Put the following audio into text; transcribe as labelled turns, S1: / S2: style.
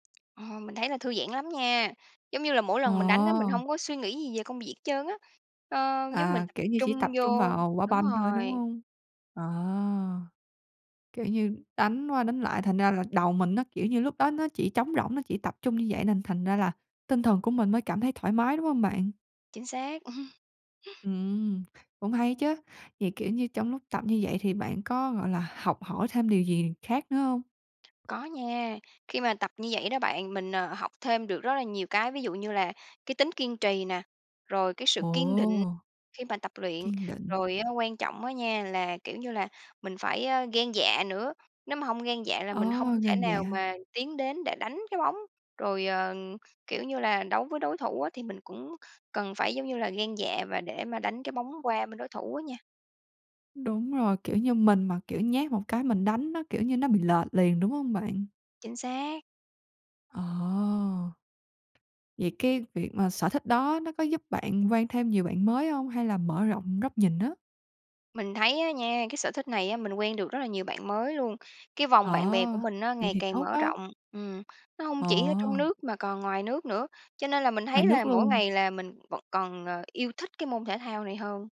S1: Ờ, mình thấy là thư giãn lắm nha. Giống như là mỗi lần mình đánh á, mình
S2: À.
S1: hông có suy nghĩ gì về công việc hết trơn á. Ờ, giống mình
S2: À,
S1: tập
S2: kiểu như chỉ
S1: trung
S2: tập trung
S1: vô
S2: vào quả
S1: đúng
S2: banh thôi, đúng
S1: rồi.
S2: hông? À. Kiểu như đánh qua, đánh lại, thành ra là đầu mình nó kiểu như lúc đó, nó chỉ trống rỗng, nó chỉ tập trung như vậy, nên thành ra là tinh thần của mình mới cảm thấy thoải mái, đúng hông bạn?
S1: Chính xác.
S2: Ừm, cũng hay đó chứ. Vậy, kiểu như, trong lúc tập như vậy thì bạn có, gọi là, học hỏi thêm điều gì khác nữa hông?
S1: Có nha, khi mà tập như vậy đó bạn, mình, à, học thêm được rất là nhiều cái. Ví dụ như là cái tính kiên trì nè, rồi cái sự kiên định
S2: Ồ.
S1: khi mà tập luyện.
S2: Kiên định.
S1: Rồi quan trọng á nha, là, kiểu như là, mình phải gan dạ nữa, nếu mà hông gan dạ là mình hông
S2: À,
S1: thể
S2: gan
S1: nào
S2: dạ.
S1: mà tiến đến để đánh cái bóng. Rồi, ờ, kiểu như là đấu với đối thủ á thì mình cũng cần phải, giống như là, gan dạ và để mà đánh cái bóng qua bên đối thủ á nha.
S2: Đúng rồi. Kiểu như mình mà, kiểu, nhát một cái mình đánh nó, kiểu như, nó bị lệch liền, đúng hông bạn?
S1: Chính xác.
S2: À. Vậy cái việc mà sở thích đó nó có giúp bạn quen thêm nhiều bạn mới hông hay là mở rộng góc nhìn á?
S1: Mình thấy á nha, cái sở thích này á, mình quen được rất là nhiều bạn mới luôn. Cái
S2: Ờ,
S1: vòng bạn bè của mình á,
S2: vậy
S1: ngày
S2: thì
S1: càng
S2: tốt
S1: mở
S2: á.
S1: rộng. Ừm, nó hông chỉ ở trong
S2: Ồ.
S1: nước mà còn ngoài nước nữa, cho nên là mình
S2: Ngoài
S1: thấy
S2: nước
S1: là mỗi
S2: luôn.
S1: ngày là mình vẫn còn, ờ, yêu thích cái môn thể thao này hơn.